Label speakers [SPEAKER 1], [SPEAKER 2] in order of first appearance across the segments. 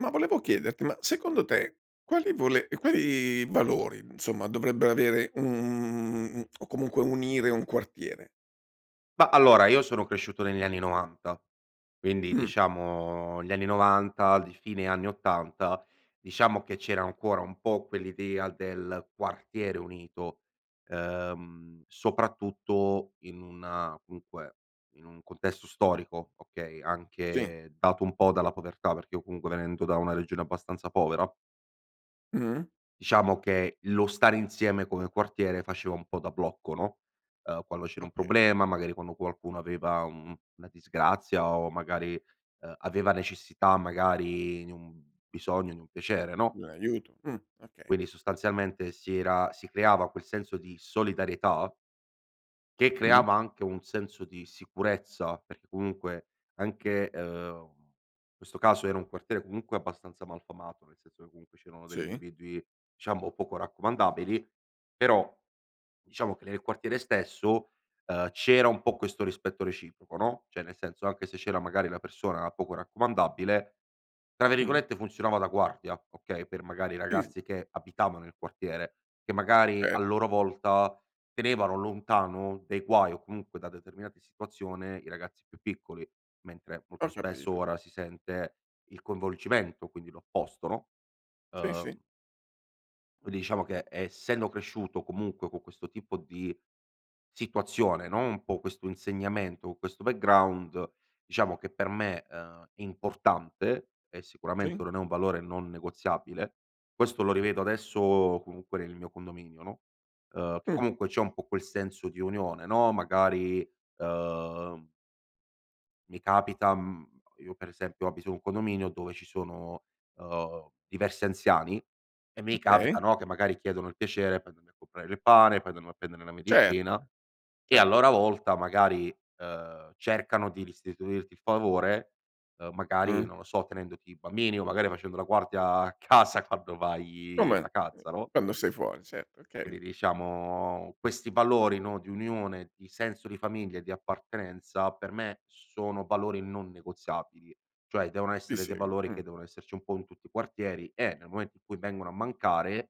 [SPEAKER 1] Ma volevo chiederti, ma secondo te, quali vole quali valori, insomma, dovrebbe avere un o comunque, unire un quartiere?
[SPEAKER 2] Mah, allora io sono cresciuto negli anni '90 quindi
[SPEAKER 1] Mh.
[SPEAKER 2] diciamo gli anni '90 il d fine anni '80, diciamo che c'era ancora un po' quell'idea del quartiere unito, ehm, soprattutto in una comunque, in un contesto storico, okay,
[SPEAKER 1] Sì.
[SPEAKER 2] anche dato un po' dalla povertà, perché io comunque venendo da una regione abbastanza povera
[SPEAKER 1] Mh-mh.
[SPEAKER 2] diciamo che, lo stare insieme come quartiere faceva un po' da blocco, no, uhm, quando c'era un
[SPEAKER 1] Okay.
[SPEAKER 2] problema, magari quando qualcuno aveva, uhm, una disgrazia o magari, uhm, aveva necessità magari di un bisogno, di un piacere no
[SPEAKER 1] Di un aiuto, mh, okay.
[SPEAKER 2] quindi sostanzialmente si era si creava quel senso di solidarietà che
[SPEAKER 1] Mh.
[SPEAKER 2] creava anche un senso di sicurezza. Perché comunque anche, ehm, questo caso era un quartiere, comunque, abbastanza malfamato, nel senso che comunque c'erano degli
[SPEAKER 1] Sì.
[SPEAKER 2] individui, diciamo poco raccomandabili. Però, diciamo che nel quartiere stesso, ehm, c'era un po' questo rispetto reciproco, no, cioè nel senso, anche se c'era magari la persona poco raccomandabile, tra
[SPEAKER 1] Mh.
[SPEAKER 2] virgolette, funzionava da "guardia", okay, per magari i
[SPEAKER 1] [unintelligible]
[SPEAKER 2] ragazzi che abitavano nel quartiere, che magari
[SPEAKER 1] Eh.
[SPEAKER 2] a loro volta, tenevano lontano dai guai o comunque da determinate situazione i ragazzi più piccoli. Mentre, molto
[SPEAKER 1] Ho
[SPEAKER 2] spesso
[SPEAKER 1] capito.
[SPEAKER 2] ora si sente il coinvolgimento, quindi l'opposto, no,
[SPEAKER 1] Sì, sì.
[SPEAKER 2] uhm Quindi diciamo che essendo cresciuto comunque con questo tipo di situazione no, un po' questo insegnamento, questo background, diciamo che per me, ehm, importante e sicuramente
[SPEAKER 1] Sì.
[SPEAKER 2] non è un valore non negoziabile; questo lo rivedo adesso comunque nel mio condominio no, ehm, che
[SPEAKER 1] Mh.
[SPEAKER 2] comunque c'è un po' quel senso di unione no, magari, ehm mi capita, mhmm io per esempio abito un condominio dove ci sono, uhm, diversi anziani e mi
[SPEAKER 1] Okay.
[SPEAKER 2] capita, no, che magari chiedono il piacere per andarmi a comprare il pane, poi andiamo a prendere la
[SPEAKER 1] Certo,
[SPEAKER 2] medicina, e a
[SPEAKER 1] cer
[SPEAKER 2] loro volta magari, ehm, cercano di restituirti il favore, ehm, magari
[SPEAKER 1] Uh.
[SPEAKER 2] non lo so, tenendoti i bambini, o magari facendo la guardia a casa quando
[SPEAKER 1] Come,
[SPEAKER 2] vai
[SPEAKER 1] ehm
[SPEAKER 2] vacanza, no?
[SPEAKER 1] quando sei fuori, certo, okay.
[SPEAKER 2] Quindi diciamo, questi valori, no, di unione, di senso di famiglia e di appartenenza per me sono valori non negoziabili, cioè devono
[SPEAKER 1] Ti
[SPEAKER 2] essere dei
[SPEAKER 1] seguo,
[SPEAKER 2] valori che
[SPEAKER 1] mh.
[SPEAKER 2] devono esserci un po' in tutti i quartieri, e nel momento in cui vengono a mancare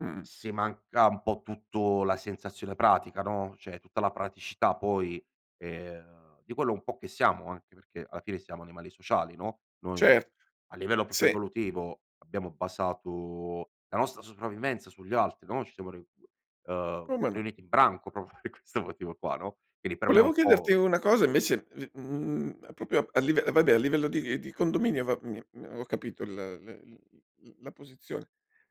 [SPEAKER 1] Mh-mh.
[SPEAKER 2] se manca un po' tutto la sensazione pratica no, cioè tutta la praticità poi, ehm, di quello un po' che siamo anche, perché alla fine siamo animali sociali no, noi
[SPEAKER 1] Cer
[SPEAKER 2] a livello proprio
[SPEAKER 1] sì.
[SPEAKER 2] evolutivo abbiamo basato la nostra sopravvivenza sugli altri no, ci siamo [unintelligible] ehm,
[SPEAKER 1] Come no.
[SPEAKER 2] riuniti in branco, proprio per questo motivo qua, no. Quindi per me è
[SPEAKER 1] Volevo
[SPEAKER 2] un po'
[SPEAKER 1] chiederti una cosa invece di mhmm, a proprio a live vabbè, a livello di di condominio va mi uhm, ho capito il la l l l la posizione;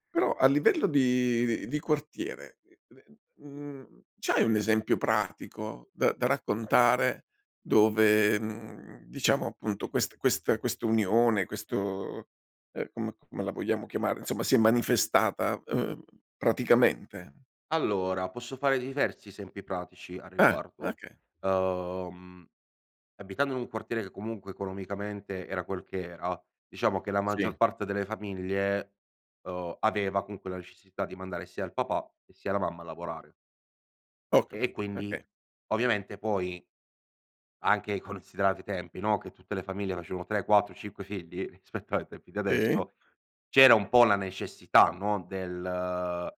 [SPEAKER 1] però a livello di di di quartiere, ehm, ne n mhmm, c'hai un esempio pratico da da raccontare, dove, mhmm, diciamo appunto quest questa questa unione, questo, ehm, com come la vogliamo chiamare, insomma, si è manifestata, uhm, praticamente?
[SPEAKER 2] Allora, posso fare diversi esempi pratici a
[SPEAKER 1] Ah,
[SPEAKER 2] riguardo;
[SPEAKER 1] okay.
[SPEAKER 2] uhm, abitando in un quartiere che comunque economicamente era quel che era, diciamo che la
[SPEAKER 1] Sì.
[SPEAKER 2] maggior parte delle famiglie, uhm, aveva comunque la necessità di mandare sia il papà e sia la mamma a lavorare.
[SPEAKER 1] Ho
[SPEAKER 2] E
[SPEAKER 1] capito,
[SPEAKER 2] quindi
[SPEAKER 1] okay.
[SPEAKER 2] ovviamente poi anche considerati i tempi, no, che tutte le famiglie facevano 3, 4, 5 figli, rispetto ai tempi di
[SPEAKER 1] Sì.
[SPEAKER 2] adesso, c'era un po' la necessità, no, del, uhm,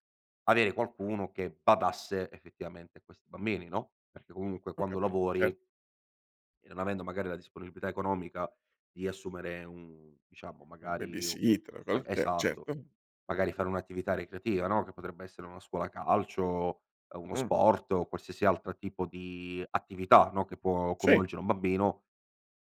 [SPEAKER 2] avere qualcuno che badasse effettivamente a questi bambini, no, perché comunque
[SPEAKER 1] Ho
[SPEAKER 2] quando
[SPEAKER 1] capito, cer
[SPEAKER 2] lavori e non avendo magari la disponibilità economica di assumere un diciamo
[SPEAKER 1] Una
[SPEAKER 2] magari u
[SPEAKER 1] babysitter,
[SPEAKER 2] e
[SPEAKER 1] quello che
[SPEAKER 2] esatto,
[SPEAKER 1] certo.
[SPEAKER 2] magari fare un'attività ricreativa no, che potrebbe essere una scuola calcio, ehm, uno
[SPEAKER 1] Mh.
[SPEAKER 2] sport o qualsiasi altra tipo di attività no, che può
[SPEAKER 1] Sì.
[SPEAKER 2] coinvolgere un bambino,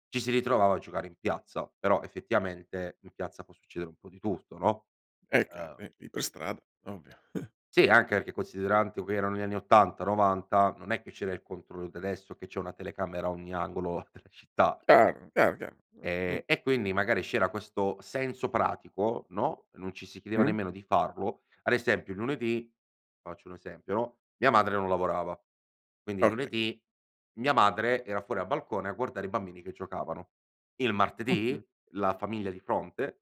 [SPEAKER 2] ci si ritrovava a giocare in piazza, però effettivamente in piazza può succedere un po' di tutto no.
[SPEAKER 1] Eh
[SPEAKER 2] Uhm
[SPEAKER 1] carri, lì per strada, ovvio.
[SPEAKER 2] Sì, anche che considerando che erano gli anni '80, '90 non è che c'era il controllo d'adesso che c'è una telecamera a ogni angolo della città.
[SPEAKER 1] Chiaro, chiaro, chiaro. Uhm, ni
[SPEAKER 2] Ehm, e quindi magari c'era questo senso pratico, no, non ci si chiedeva
[SPEAKER 1] Mh-mh.
[SPEAKER 2] nemmeno di farlo; ad esempio il lunedì, faccio un esempio no, mia madre non lavorava. Quindi
[SPEAKER 1] Okay.
[SPEAKER 2] lunedì mia madre era fuori a balcone a guardare i bambini che giocavano. Il
[SPEAKER 1] Mh-mh.
[SPEAKER 2] martedì la famiglia di fronte,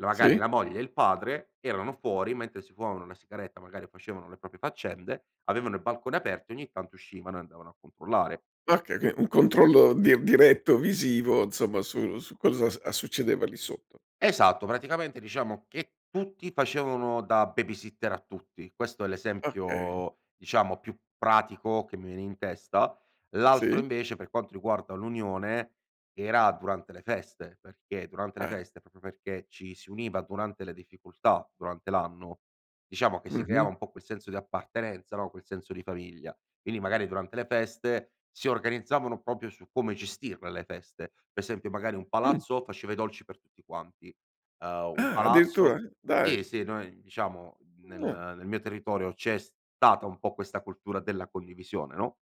[SPEAKER 2] la magari
[SPEAKER 1] Sì.
[SPEAKER 2] la moglie e il padre, erano fuori mentre si fumavano una sigaretta, magari facevano le proprie faccende, avevano i balconi aperti, ogni tanto uscivano e andavano a controllare.
[SPEAKER 1] Okay, okay, un controllo di diretto visivo, insomma su su cosa a succedeva lì sotto.
[SPEAKER 2] Esatto, praticamente diciamo che tutti facevano da babysitter a tutti, questo è
[SPEAKER 1] Okay.
[SPEAKER 2] l'esempio diciamo più pratico che mi vene in testa. L'altro
[SPEAKER 1] Sì?
[SPEAKER 2] invece per quanto riguarda l'unione, era durante le feste, perché durante le
[SPEAKER 1] Ah-eh.
[SPEAKER 2] feste, proprio perché ci si univa durante le difficoltà, durante l'anno, diciamo che si creava
[SPEAKER 1] Mh-mh.
[SPEAKER 2] un po' quel senso di appartenenza, no, quel senso di famiglia. Quindi magari durante le feste si organizzavano proprio su come gestirle le feste. Per esempio magari un
[SPEAKER 1] Mh.
[SPEAKER 2] palazzo faceva i dolci per tutti quanti, ehm, un
[SPEAKER 1] Ah, addirittura?
[SPEAKER 2] palazzo
[SPEAKER 1] Dai.
[SPEAKER 2] sì, sì, noi diciamo n
[SPEAKER 1] Mh, ah.
[SPEAKER 2] nel nel mio territorio c'è stata un po' questa cultura della condivisione, no;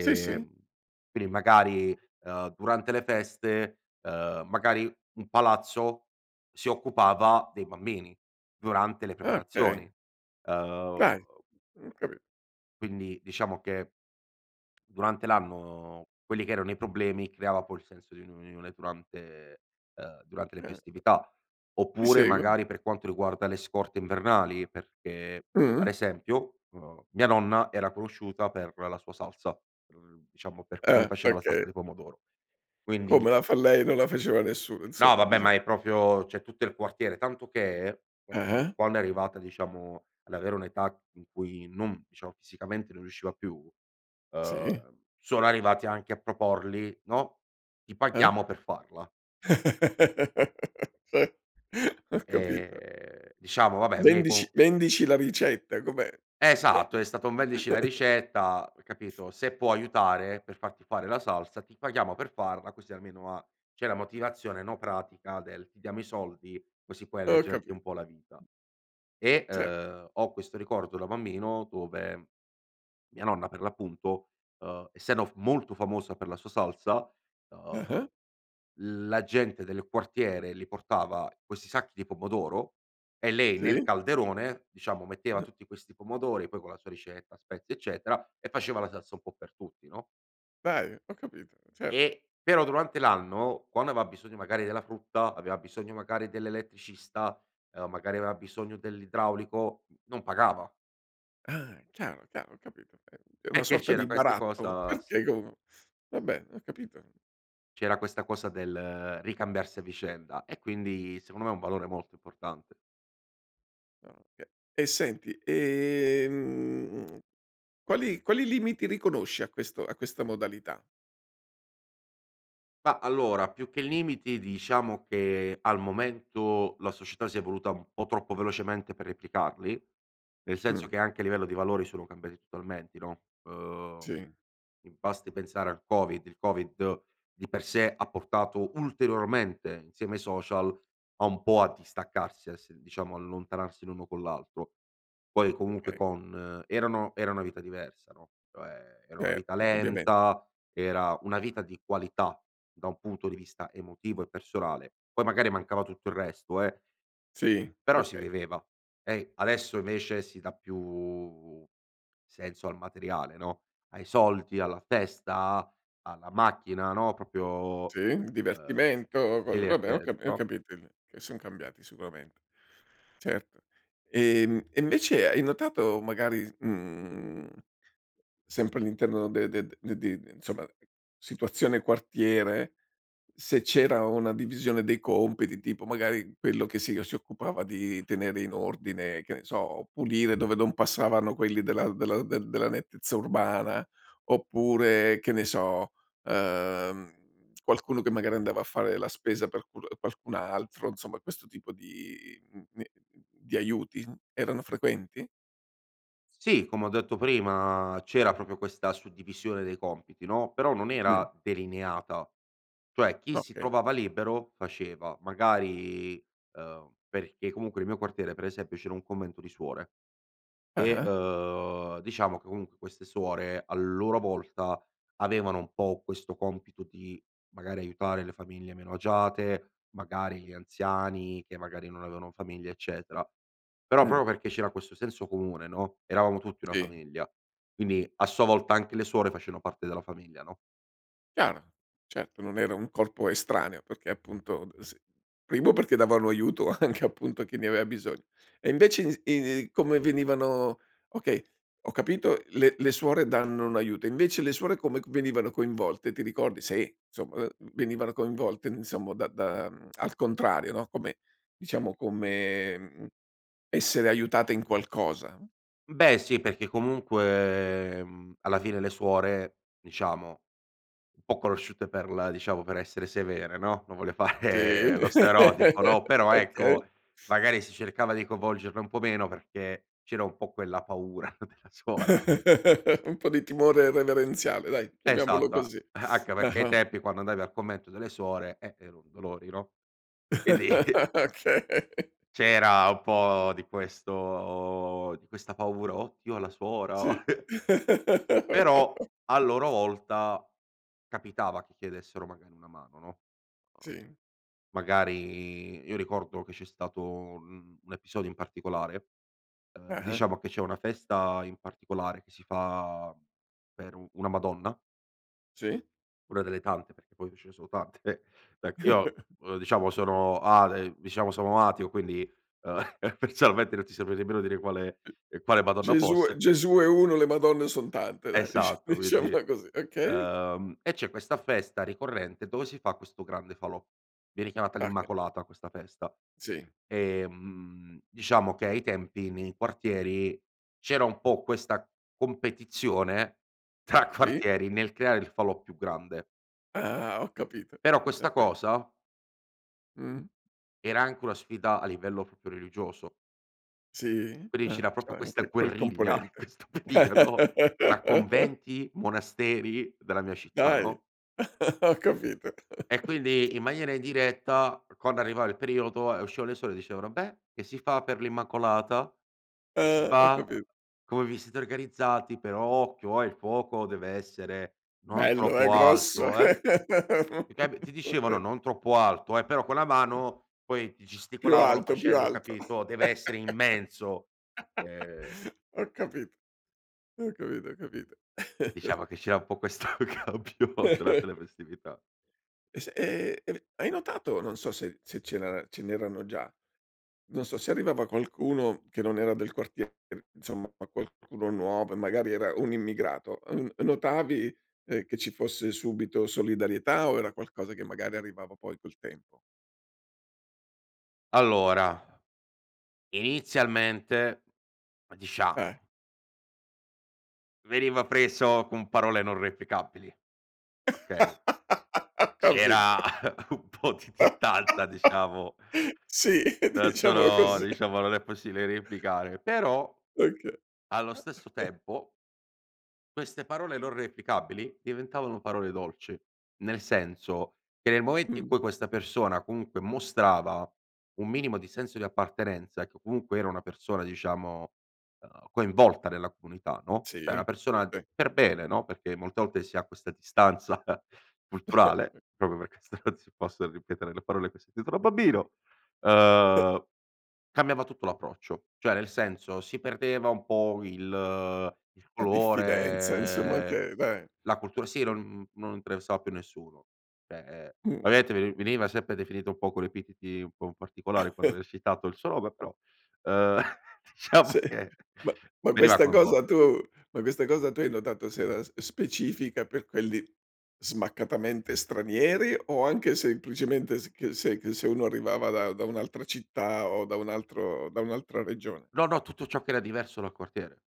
[SPEAKER 1] Sì, sì.
[SPEAKER 2] quindi magari, uhm, durante le feste, ehm, magari un palazzo si occupava dei bambini durante le
[SPEAKER 1] Ah, okay.
[SPEAKER 2] preparazioni, ehm
[SPEAKER 1] Dai. Mh-mh, ho capi
[SPEAKER 2] quindi diciamo che durante l'anno quelli che erano i problemi, creava poi il senso di un unione durante, ehm, durante le
[SPEAKER 1] Certo.
[SPEAKER 2] festività.
[SPEAKER 1] Ti
[SPEAKER 2] Oppure
[SPEAKER 1] seguo.
[SPEAKER 2] magari per quanto riguarda le scorte invernali, perché
[SPEAKER 1] Mh.
[SPEAKER 2] ad esempio, uhm, mia nonna era conosciuta per la sua salsa, mhmm, diciamo per come
[SPEAKER 1] Eh,
[SPEAKER 2] faceva la
[SPEAKER 1] okay.
[SPEAKER 2] salsa di pomodoro.
[SPEAKER 1] Come
[SPEAKER 2] Quindi
[SPEAKER 1] la fa lei, non la faceva nessuno
[SPEAKER 2] No
[SPEAKER 1] insomma,
[SPEAKER 2] vabbè,
[SPEAKER 1] dicia
[SPEAKER 2] ma è proprio cioè tutto il quartiere, tanto che quando [unintelligible]
[SPEAKER 1] Eh-eh.
[SPEAKER 2] quando è arrivata diciamo ad avere un'età in cui non diciamo fisicamente non riusciva più, ehm,
[SPEAKER 1] Sì.
[SPEAKER 2] sono arrivati anche a proporli, no, "Ti
[SPEAKER 1] Eh.
[SPEAKER 2] paghiamo per farla".
[SPEAKER 1] Sì, ho capito.
[SPEAKER 2] Ehm, diciamo vabè lei
[SPEAKER 1] Vendici
[SPEAKER 2] comu
[SPEAKER 1] vendici la ricetta. Com'è?
[SPEAKER 2] Esatto, è stato un vendici la ricetta capito. Se può aiutare per farti fare la salsa, ti paghiamo per farla, così almeno ha c'è la motivazione, no, pratica del: "Ti diamo i soldi, così puoi
[SPEAKER 1] Ho
[SPEAKER 2] leggerti
[SPEAKER 1] capi
[SPEAKER 2] un po' la vita". E,
[SPEAKER 1] Certo.
[SPEAKER 2] uhm, ho questo ricordo da bambino dove, mia nonna per l'appunto, uhm, essendo f molto famosa per la sua salsa, uhm,
[SPEAKER 1] Ah-ah.
[SPEAKER 2] la gente del quartiere li portava questi sacchi di pomodoro e lei nel
[SPEAKER 1] Sì.
[SPEAKER 2] calderone, diciamo, metteva
[SPEAKER 1] N
[SPEAKER 2] tutti questi pomodori, poi con la sua ricetta, spezie eccetera, e faceva la salsa un po' per tutti no?
[SPEAKER 1] Dai, ho capito, cer
[SPEAKER 2] E però durante l'anno, quando aveva bisogno magari della frutta, aveva bisogno magari dell'elettricista, uhm, magari aveva bisogno dell'idraulico, n non pagava.
[SPEAKER 1] Ah, chiaro, chiaro, ho capito è è una
[SPEAKER 2] Perché
[SPEAKER 1] sorta
[SPEAKER 2] c'era
[SPEAKER 1] di
[SPEAKER 2] queste
[SPEAKER 1] baratto
[SPEAKER 2] cosa s
[SPEAKER 1] [unintelligible] vabbè ho capito.
[SPEAKER 2] c'era questa cosa del ricambiarsi a vicenda, e quindi secondo me è un valore molto importante.
[SPEAKER 1] Ah, okay. E senti, ehm, mhmm, quali quali limiti riconosci a questo a questa modalità?
[SPEAKER 2] Mah, allora, più che limiti diciamo che al momento la società si è evoluta un po' troppo velocemente per replicarli. Nel senso
[SPEAKER 1] Mh.
[SPEAKER 2] che anche a livello di valori, sono cambiati totalmente no. Uhm,
[SPEAKER 1] Sì.
[SPEAKER 2] mi basti pensare al Covid. Il Covid di per sé ha portato ulteriormente, insieme ai social, a un po' a distaccarsi a esse diciamo allontanarsi l'uno con l'altro. Poi comunque
[SPEAKER 1] Okay.
[SPEAKER 2] con erano era una vita diversa no, cioè era una vita
[SPEAKER 1] Certo, indubbiamen
[SPEAKER 2] lenta, era una vita di qualità, da un punto di vista emotivo e personale, poi magari mancava tutto il resto, eh.
[SPEAKER 1] Sì,
[SPEAKER 2] Però si
[SPEAKER 1] okay.
[SPEAKER 2] viveva. E i adesso vece si dà più senso al materiale no, ai soldi, alla festa, alla macchina, no. Proprio
[SPEAKER 1] Sì,
[SPEAKER 2] ehm.
[SPEAKER 1] divertimento, cosa vabbè ho capi ho
[SPEAKER 2] [unintelligible]
[SPEAKER 1] capito il che son cambiati sicuramente, certo. Ehm, e invece hai notato magari s mhmm, sempre all'interno de de d di di insomma, situazione quartiere se c'era una divisione dei compiti, tipo magari quello che si o si occupava di tenere in ordine, che ne so, pulire dove non passavano quelli della della de della nettezza urbana, oppure che ne so, ehm, qualcuno che magari andava a fare la spesa per qu l qualcun altro, insomma questo tipo di, mhmm, ne d di aiuti, erano frequenti?
[SPEAKER 2] Sì, come ho detto prima, c'era proprio questa suddivisione dei compiti no. Però non
[SPEAKER 1] Mh.
[SPEAKER 2] era delineata. Cioè, chi si
[SPEAKER 1] Okay.
[SPEAKER 2] trovava libero faceva, magari, ehm, perché comunque nel mio quartiere per esempio c'era un convento di suore. E,
[SPEAKER 1] Ah-ah.
[SPEAKER 2] uhm, diciamo che comunque queste suore, a loro volta avevano un po' questo compito di, magari aiutare le famiglie meno agiate, magari li anziani che magari non avevano famiglia eccetera. Però
[SPEAKER 1] Mh.
[SPEAKER 2] proprio perché c'era questo senso comune no, eravamo tutti una
[SPEAKER 1] Sì.
[SPEAKER 2] famiglia, quindi a sua volta anche le suore facevano parte della famiglia, no?
[SPEAKER 1] Chiaro. Certo, non era un corpo estraneo, perché appunto s primo, perché davano aiuto anche appunto, chi ne aveva bisogno. E invece i s i come venivano okay, ho capito. Le le suore danno un aiuto. Invece le suore come venivano coinvolte, ti ricordi? Se insomma, ehm, venivano coinvolte insomma, da da, mhmm, al contrario, no? Come diciamo come, mhmm, essere aiutate in qualcosa.
[SPEAKER 2] Beh sì, perché comunque, mhmm, alla fine le suore, diciamo un po' conosciute per la diciamo per essere severe no, non voglio
[SPEAKER 1] Sì,
[SPEAKER 2] fare lo stereotipo, no. Però,
[SPEAKER 1] okay.
[SPEAKER 2] ecco, magari si cercava di coinvolgerle un po' meno perché c'era un po' quella paura della suora.
[SPEAKER 1] Un po' di timore reverenziale, dai chiamiamolo
[SPEAKER 2] Esatto a
[SPEAKER 1] così.
[SPEAKER 2] anche perché ai
[SPEAKER 1] Ah-ah.
[SPEAKER 2] tempi quando andavi al convento delle suore, ehm, ero un dolori, no? Quindi
[SPEAKER 1] Okay.
[SPEAKER 2] C'era un po' di questo di questa paura: "Oh Dio, la
[SPEAKER 1] Sì.
[SPEAKER 2] suora". Però a loro volta capitava che chiedessero magari una mano, no? Ehm,
[SPEAKER 1] Sì.
[SPEAKER 2] magari io ricordo che c'è stato un un episodio in particolare, ehm,
[SPEAKER 1] Ah-ah.
[SPEAKER 2] diciamo che c'è una festa in particolare che si fa per un una Madonna
[SPEAKER 1] Sì.
[SPEAKER 2] una delle tante, perché poi ce ne sono tante, beh io, ehm, diciamo sono ale diciamo sono ateo, quindi, ehm, personalmente non ti saprei nemmeno dire quale
[SPEAKER 1] Uh
[SPEAKER 2] quale Madonna
[SPEAKER 1] Gesù
[SPEAKER 2] fosse.
[SPEAKER 1] Gesù è uno, le Madonne son tante dai, dicia
[SPEAKER 2] Esatto, quindi,
[SPEAKER 1] diciamola così, okay?
[SPEAKER 2] ehm, e c'è questa festa ricorrente dove si fa questo grande falò. Viene chiamata
[SPEAKER 1] Okay.
[SPEAKER 2] l'Immacolata questa festa
[SPEAKER 1] Sì.
[SPEAKER 2] e, mhmm, diciamo che ai tempi nei quartieri, c'era un po' questa competizione tra
[SPEAKER 1] Sì.
[SPEAKER 2] quartieri nel creare il falò più grande.
[SPEAKER 1] Ah, ho capito.
[SPEAKER 2] Però
[SPEAKER 1] Sì,
[SPEAKER 2] questa
[SPEAKER 1] sì.
[SPEAKER 2] cosa
[SPEAKER 1] Mh.
[SPEAKER 2] era anche una sfida a livello proprio religioso.
[SPEAKER 1] Sì,
[SPEAKER 2] Quindi c'era
[SPEAKER 1] ehm, c'é
[SPEAKER 2] proprio questa
[SPEAKER 1] anche quel
[SPEAKER 2] guerriglia in
[SPEAKER 1] componente.
[SPEAKER 2] questo periodo tra conventi, monasteri della mia città,
[SPEAKER 1] Dai.
[SPEAKER 2] no?
[SPEAKER 1] Ho capito.
[SPEAKER 2] E quindi in maniera indiretta quando arrivava il periodo e uscivano le suore dicevano: "Beh, che si fa per l'Immacolata? Che si
[SPEAKER 1] Eh, ho
[SPEAKER 2] fa?
[SPEAKER 1] capito.
[SPEAKER 2] Come vi siete organizzati? Però occhio, ehm, il fuoco deve essere non
[SPEAKER 1] Bello e
[SPEAKER 2] troppo
[SPEAKER 1] grosso.
[SPEAKER 2] alto, ehm". Ti ca ti
[SPEAKER 1] Eh,
[SPEAKER 2] dicevano
[SPEAKER 1] okay.
[SPEAKER 2] non troppo alto eh, però con la mano poi ti
[SPEAKER 1] Più
[SPEAKER 2] gesticolavano
[SPEAKER 1] alto, più
[SPEAKER 2] facendo,
[SPEAKER 1] alto,
[SPEAKER 2] capito: "Deve essere immenso". Ehm
[SPEAKER 1] ho capito, ho capito, ho capito.
[SPEAKER 2] Diciamo che c'era un po' questo [unintelligible] durante le festività.
[SPEAKER 1] S e e hai notato, non so se se c'era ce n'erano già Non so, se arrivava qualcuno che non era del quartiere insomma, qualcuno nuovo e magari era un immigrato, ehm, notavi, ehm, che ci fosse subito solidarietà o era qualcosa che magari arrivava poi col tempo?
[SPEAKER 2] Allora, inizialmente
[SPEAKER 1] Eh.
[SPEAKER 2] diciamo veniva preso con parole non replicabili, okay?
[SPEAKER 1] Capito.
[SPEAKER 2] C'era un po' di distanza, diciamo
[SPEAKER 1] Sì,
[SPEAKER 2] non
[SPEAKER 1] diciamo
[SPEAKER 2] sono
[SPEAKER 1] così.
[SPEAKER 2] diciamo, non è possibile replicare, però
[SPEAKER 1] Okay.
[SPEAKER 2] allo stesso tempo queste parole non replicabili diventavano parole dolci, nel senso che, nel momento in
[SPEAKER 1] Mh.
[SPEAKER 2] cui questa persona comunque mostrava un minimo di senso di appartenenza, che comunque era una persona diciamo, ehm, coinvolta nella comunità, no,
[SPEAKER 1] Sì,
[SPEAKER 2] cioè una persona
[SPEAKER 1] sì.
[SPEAKER 2] per bene, no, perché molte volte si ha questa distanza culturale proprio perché se non si possono ripetere le parole che ho sentito da bambino, ehm, cambiava tutto l'approccio. Cioè, nel senso, si perdeva un po' il il
[SPEAKER 1] La diffidenza insomma
[SPEAKER 2] colore,
[SPEAKER 1] che beh.
[SPEAKER 2] la cultura sì
[SPEAKER 1] Mh.
[SPEAKER 2] non non interessava più nessuno cioè, ehm,
[SPEAKER 1] Mh.
[SPEAKER 2] ovviamente veni veniva sempre definito un po' con epiteti un po' particolari [unintelligible] il suo nome però, ehm, diciamo
[SPEAKER 1] Sì,
[SPEAKER 2] che
[SPEAKER 1] ma ma
[SPEAKER 2] veniva
[SPEAKER 1] questa cosa
[SPEAKER 2] coinvolto.
[SPEAKER 1] tu ma questa cosa tu hai notato se era specifica per quelli smaccatamente stranieri, o anche semplicemente s che se che se uno arrivava da da un'altra città o da un altro da un'altra regione?
[SPEAKER 2] No, no, tutto ciò che era diverso dal quartiere.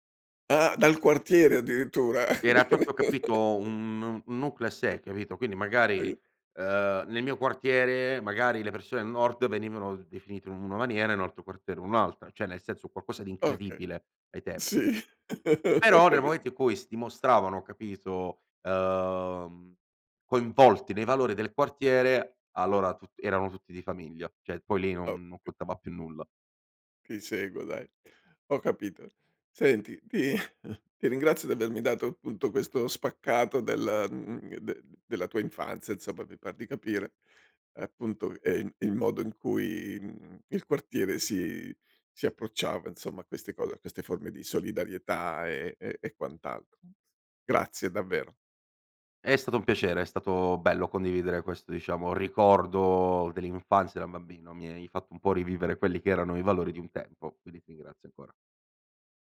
[SPEAKER 1] Ah, dal quartiere addirittura?
[SPEAKER 2] Era proprio, capito un un nucleo a sé, capito, quindi magari,
[SPEAKER 1] Okay.
[SPEAKER 2] ehm, nel mio quartiere magari le persone al nord venivano definite in una maniera e in un altro quartiere in un altra. Cioè nel senso, un qualcosa di
[SPEAKER 1] Okay,
[SPEAKER 2] incredibile ai tempi.
[SPEAKER 1] sì. Ho
[SPEAKER 2] Però nel momento
[SPEAKER 1] capito.
[SPEAKER 2] in cui si dimostravano, capito, ehm, coinvolti nei valori del quartiere allora tut erano tutti di famiglia, cioè poi lì non non
[SPEAKER 1] Okay.
[SPEAKER 2] contava più nulla.
[SPEAKER 1] Ti seguo dai. Ho capito. Senti, ti ti ringrazio, di avermi dato appunto questo spaccato del, mhmm, del della tua infanzia insomma, mi par capire. Appunto, ehm, il modo in cui, mhmm, il quartiere si si approcciava insomma, a queste cose, a queste forme di solidarietà e e quant'altro. Grazie davvero.
[SPEAKER 2] È stato un piacere, è stato bello condividere questo, diciamo ricordo dell'infanzia da bambino, mi hai fatto un po' rivivere quelli che erano i valori di un tempo, quindi ti ringrazio ancora